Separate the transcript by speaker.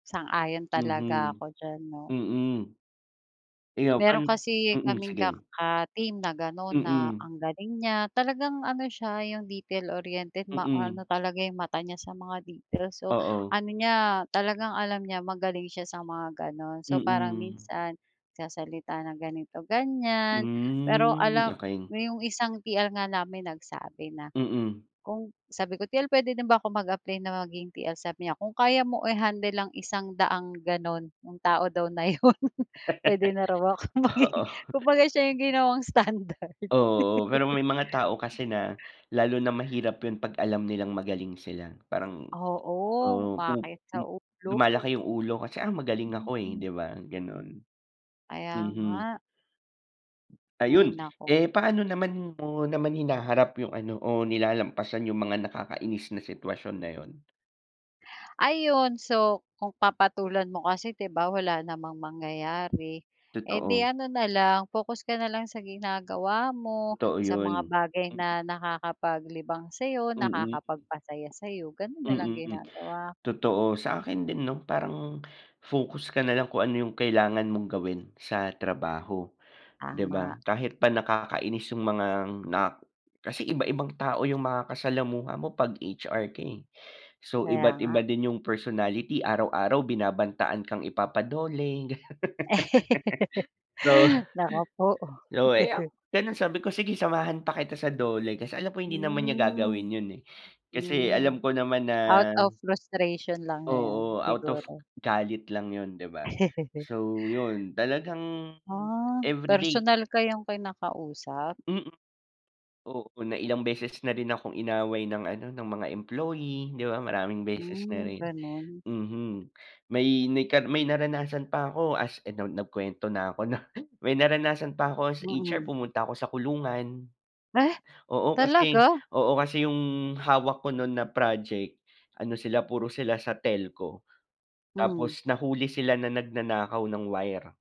Speaker 1: Sang-ayon talaga
Speaker 2: Mhm,
Speaker 1: ako diyan, 'no.
Speaker 2: mm. Ikaw pan
Speaker 1: Meron kasi
Speaker 2: mm,
Speaker 1: kaming ka
Speaker 2: sige.
Speaker 1: ka-team na gano'n na,
Speaker 2: Mm.
Speaker 1: ang galing niya, talagang ano siya, 'yong detail-oriented,
Speaker 2: Mm.
Speaker 1: ma-ano talaga yung mata niya sa mga details. So,
Speaker 2: Oo.
Speaker 1: ano niya, talagang alam niya, magaling siya sa mga gano'n. So, parang
Speaker 2: Mm.
Speaker 1: minsan nagsasalita ng ganito-ganyan. Pero
Speaker 2: Hmm,
Speaker 1: alam
Speaker 2: okey.
Speaker 1: 'yong isang TL nga namin nagsabi na
Speaker 2: Mm.
Speaker 1: kung sabi ko, "TL puwede din ba akong mag-apply na maging TL?", sabi niya, "Kung kaya mo i-handle ang isang daang gano'n", yung tao daw na 'yon, puwede na raw ako maging
Speaker 2: Oo.
Speaker 1: kumbaga siya yung ginawang standard.
Speaker 2: Oo, oo, pero may mga tao kasi na, lalo na mahirap 'yon, 'pag alam nilang magaling sila. Parang
Speaker 1: Oo,
Speaker 2: oo, pu
Speaker 1: bakit sa
Speaker 2: hmm,
Speaker 1: ulo.
Speaker 2: lumalaki yung ulo kasi, ah, "Magaling ako eh",
Speaker 1: Mm.
Speaker 2: 'di ba, gano'n.
Speaker 1: Kaya
Speaker 2: Mhm.
Speaker 1: nga. Hay,
Speaker 2: Ayun,
Speaker 1: naku.
Speaker 2: eh, paano naman mo naman hinaharap yung ano o nilalampasan yung mga nakakainis na sitwasyon na 'yon?
Speaker 1: Ayun, so, kung papatulan mo kasi, 'di ba, wala namang mangyayari. Eh, 'di
Speaker 2: Totoo.
Speaker 1: ano na lang, focus ka na lang sa ginagawa mo,
Speaker 2: Totoo
Speaker 1: sa mga
Speaker 2: 'yon.
Speaker 1: bagay
Speaker 2: Mm.
Speaker 1: na nakakapaglibang sa'yo,
Speaker 2: Mm.
Speaker 1: nakakapagpasaya sa'yo, gano'n na lang
Speaker 2: Mm,
Speaker 1: ginagawa ko.
Speaker 2: totoo. Sa akin din, 'no, parang focus ka na lang kung ano yung kailangan mong gawin sa trabaho, 'di ba?
Speaker 1: Tama.
Speaker 2: Kahit pa nakakainis yung mga nak kasi iba-ibang tao yung makasalamuha mo pag HR ka eh. So,
Speaker 1: Kaya
Speaker 2: iba't
Speaker 1: nga.
Speaker 2: iba din yung personality, araw-araw binabantaan kang ipapa-DOLE, ganyan. So,
Speaker 1: Naku po.
Speaker 2: lo eh, oh, gano'n sabi ko, "Sige, samahan pa kita sa DOLE", kasi alam ko, hindi naman niya
Speaker 1: Hmm,
Speaker 2: gagawin 'yon eh. Kasi
Speaker 1: hmm.
Speaker 2: alam ko naman na
Speaker 1: Out of frustration lang niya 'yon,
Speaker 2: Oo, out of
Speaker 1: siguro.
Speaker 2: galit lang 'yon, 'di ba? So, 'yon talagang
Speaker 1: Ah,
Speaker 2: everyday
Speaker 1: personal kayong kinakausap?
Speaker 2: Mm. Oo, na ilang beses na rin akong inaway ng ano, ng mga employee, 'di ba. Maraming beses na
Speaker 1: Hmm,
Speaker 2: rin
Speaker 1: gano'n.
Speaker 2: mhm, may may ka naranasan pa ako, as- ano nagkuwento na ako 'no- may naranasan pa ako as HR
Speaker 1: Mm.
Speaker 2: pumunta ako sa kulungan.
Speaker 1: Weh!
Speaker 2: Oo, kasi
Speaker 1: Talaga?
Speaker 2: oo, kasi yung, hawak ko no'n na project, ano sila puro sila sa telco.
Speaker 1: Hmm.
Speaker 2: Tapos nahuli sila na nagnanakaw ng wire.